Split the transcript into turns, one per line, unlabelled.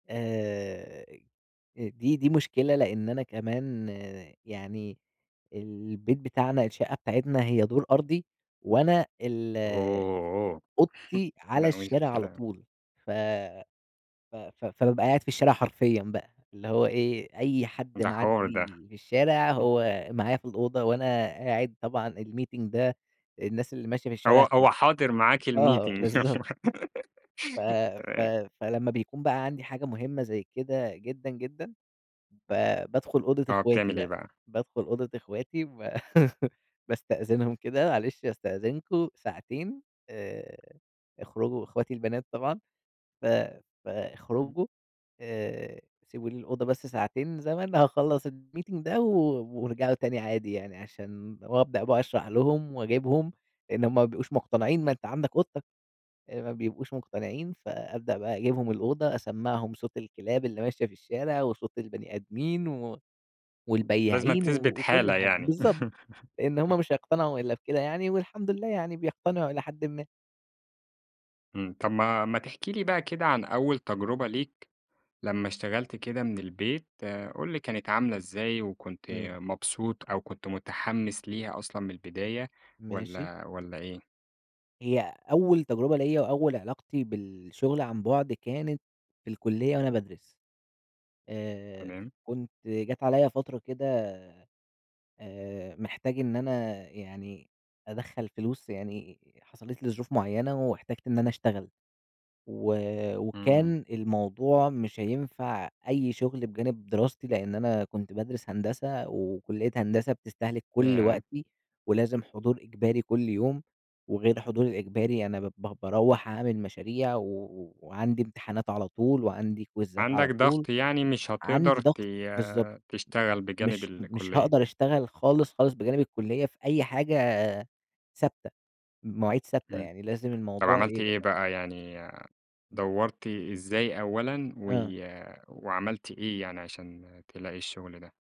آآ، دي دي مشكلة لأن أنا كمان يعني البيت بتاعنا الشقة بتاعتنا، هي دور أرضي وأنا ال
Oh
أوضتي
لأ،
على الشارع على
مشكلة.
طول، ف ف ف فبابقى قاعد في الشارع حرفيًا بقى، اللي هو إيه أي حد
ده حوار ده.
معِّدي في الشارع، هو معايا في الأوضة وأنا قاعد طبعًا الmeeting ده الناس اللي ماشية في
هو
الشارع سمع
هو حاضر معاك
آه
الmeeting
بالضبط. ف ف
تمام.
فلمّا بيكون بقى عندي حاجة مهمة زي كده جدًا، جدًا ب بادخل أوضة
آه،
اخواتي
بتعمل إيه
بقى،
بقى؟
بادخل أوضة اخواتي، باستأذنهم كده معلش أستأذنكم ساعتين آآ، اخرجوا إخواتي البنات طبعًا، ف
إمم.
فاخرجوا آآ، سيبوا لي الأوضة بس ساعتين زمن هاخلّص الmeeting ده و وارجعوا تاني عادي يعني عشان وأبدأ بقى أشرح لهم وأجيبهم إن هم ما بيبقوش مقتنعين ما أنت عندك أوضتك، ما بيبقوش مقتنعين فأبدأ بقى أجيبهم الأوضة أسمّعهم صوت الكلاب اللي ماشية في الشارع، وصوت البني آدمين،
لازمن
والبياعين
تثبت
وكل
حالة
حد،
يعني.
بالضبط، لإن هم مش هيقتنعوا إلّا بكده يعني والحمد لله يعني بيقتنعوا إلى حدٍ ما.
إمم، طَب ما ما تحكي لي بقى كده عن أول تجربة ليك لمّا اشتغلت كده من البيت، قُل لي كانت عاملة إزاي وكنت
إمم.
مبسوط أو كنت متحمّس ليها أصلًا من البداية
ماشي.
والَّا والَّا إيه؟
هي أول تجربة ليّا وأول علاقتي بالشغل عن بُعد، كانت في الكلية وأنا بادرس. آآ،
تمام.
كنت جات عليَّ فترة كده آآ، محتاج إن أنا يعني أدخّل فلوس يعني، حصلت لي ظروف معيّنة واحتجت إن أنا اشتغل، و
إمم.
وكان الموضوع مش هينفع أي شغل بجانب دراستي، لأن أنا كنت بادرس هندسة، وكلية هندسة بتستهلِك كل
ياه!
وقتي، ولازم حضور إجباري كل يوم، وغير الحضور الإجباري، أنا ب ب باروّح أعمل مشاريع و وعندي امتحانات على طول، وعندي كويزات على
عندك
طول،
ضغط يعني مش هتقدر
عندي
ت
ضغط، بالضبط،
تشتغل بجانب
مش مش
الكلية.
هاقدر أشتغل خالص، خالص بجانب الكلية في أي حاجة ثابتة، مواعيد ثابتة
إمم،
يعني، لازم
طَب
الموضوع
عملت إيه
يبقى
بقى يعني
إمم.
دَوّرت إزاي أولًا؟ و
آه.
وعملت إيه يعني عشان تلاقي الشغل ده؟